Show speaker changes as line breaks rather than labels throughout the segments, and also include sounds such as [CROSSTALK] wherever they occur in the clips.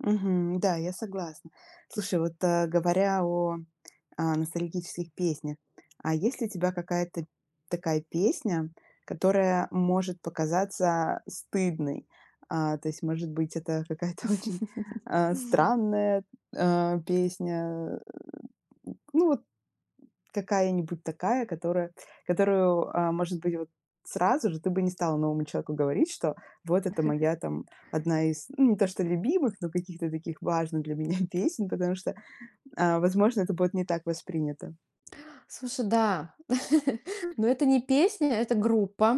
Мгм. Да, я согласна. Слушай, вот, а, говоря о, а, ностальгических песнях. А есть ли у тебя какая-то такая песня, которая может показаться стыдной? А, то есть, может быть, это какая-то очень,
[LAUGHS]
а, странная, а, песня. Э, ну, вот какая-нибудь такая, которая которую, а, может быть, вот, сразу же ты бы не стала новому человеку говорить, что вот это моя
[CHUCKLES]
там, 1 из не то что любимых, но каких-то таких важных для меня песен, потому что, а, возможно, это будет не так воспринято.
Слушай, да. [CHUCKLES] Но это не песня, это группа,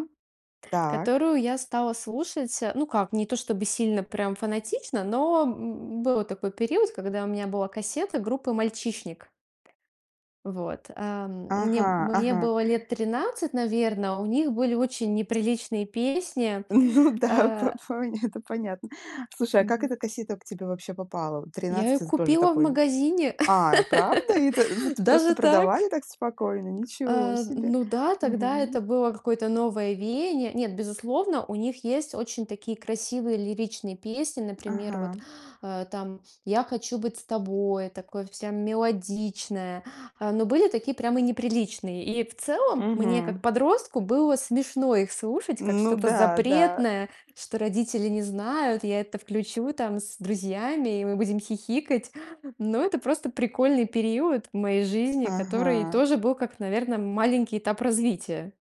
Так.
которую я стала слушать, э, ну, как, не то чтобы сильно прям фанатично, но, м, был такой период, когда у меня была кассета группы "Мальчишник". Вот, ам, мне б
Ага,
мне
ага.
было лет 13, наверно, у них были очень неприличные песни.
М, ну да, по
А
поня это понятно. Слушай, а как эта
Вот.
кассета к тебе вообще попала? Вот
Я
13-
её
это з тоже
купила в
такой.
магазине,
А, правда? И это
[LAUGHS]
это просто
даже так.
продавали так спокойно? Ничего
А,
себе.
ну да, тогда
Мгм.
это было какое-то новое веяние. Нет, безусловно, у них есть очень такие красивые лиричные песни, например, вот,
Ага.
а, там, "Я хочу быть с тобой", такое вся мелодичная, а, но были такие прямо неприличные. И в целом мне, как
Мгм.
подростку, было смешно их слушать как
Ну
что-то
да, да.
запретное, что родители не знают, я это включу там с друзьями, и мы будем хихикать. Но это просто прикольный период моей жизни, который
Ага.
тоже был как, наверно, маленький этап развития.